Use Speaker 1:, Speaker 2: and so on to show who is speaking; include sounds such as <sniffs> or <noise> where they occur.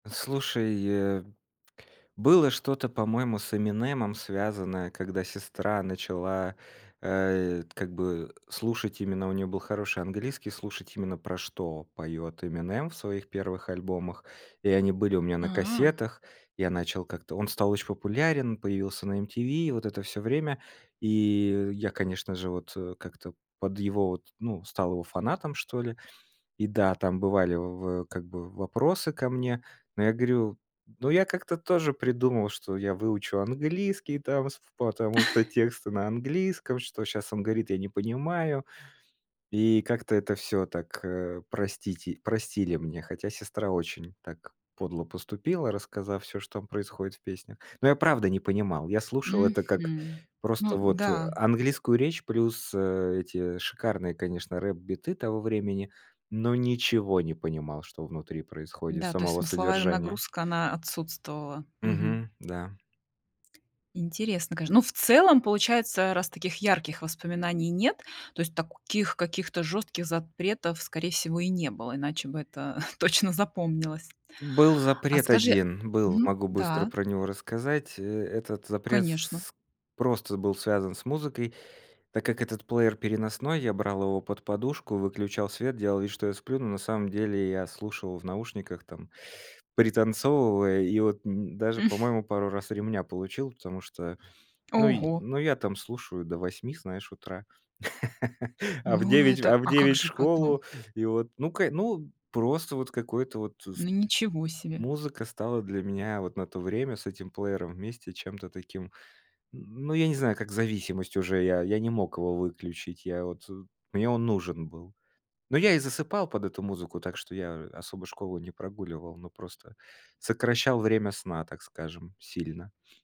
Speaker 1: Слушай, э, было что-то, по-моему, с Эминемом связанное, когда сестра начала, э, как бы слушать именно, у неё был хороший английский, слушать именно про что поёт Эминем в своих первых альбомах, и они были у меня на
Speaker 2: А.
Speaker 1: кассетах, я начал как-то. Он стал очень популярен, появился на MTV и вот это всё время. И я, конечно же, вот как-то под его вот ну, стал его фанатом, что ли. И да, там бывали в как бы вопросы ко мне. Но я говорю: ну, я как-то тоже придумал, что я выучу английский там, с потому что
Speaker 2: <chuckles>
Speaker 1: тексты на английском, что щас он говорит, я не понимаю. И как-то это всё так, э, простите простили мне, хотя сестра очень так подло поступила, рассказав всё, что там происходит в песнях. Но я правда не понимал. Я слушал это как
Speaker 2: Мгм.
Speaker 1: просто
Speaker 2: Ну
Speaker 1: вот
Speaker 2: да.
Speaker 1: английскую речь плюс эти шикарные, конечно, рэп-биты того времени. Но ничего не понимал, что внутри происходит,
Speaker 2: Да, то есть
Speaker 1: самого
Speaker 2: смысловая
Speaker 1: содержания.
Speaker 2: нагрузка, она отсутствовала. Мгм.
Speaker 1: Мгм, да.
Speaker 2: Интересно, конечно. Ну в целом получается раз таких ярких воспоминаний нет, то есть таких каких-то жёстких запретов скорее всего и не было, иначе бы это <chuckles> точно запомнилось.
Speaker 1: Был
Speaker 2: А
Speaker 1: запрет
Speaker 2: скажи
Speaker 1: 1, был,
Speaker 2: Мгм,
Speaker 1: могу быстро
Speaker 2: да.
Speaker 1: про него рассказать. Э, этот запрет
Speaker 2: Конечно.
Speaker 1: с просто был связан с музыкой. Так как этот плеер переносной, я брал его под подушку, выключал свет, делал вид, что я сплю, но на самом деле я слушал в наушниках, там, пританцовывая, и вот н даже, по-моему, пару раз ремня получил, потому что ну й,
Speaker 2: Ого.
Speaker 1: ну я там слушаю до 8, знаешь, утра, <laughs> а в
Speaker 2: Ну
Speaker 1: 9,
Speaker 2: это
Speaker 1: а в
Speaker 2: а как
Speaker 1: 9 в
Speaker 2: же потом?
Speaker 1: школу. И вот, ну к ну, просто вот какое-то вот с
Speaker 2: Ну ничего себе.
Speaker 1: музыка стала для меня вот на то время с этим плеером вместе чем-то таким ну, я не знаю, как зависимость уже, я я не мог его выключить, я вот мне он нужен был. Ну, я и засыпал под эту музыку, так что я особо школу не прогуливал, но просто сокращал время сна, так скажем, сильно. <sniffs>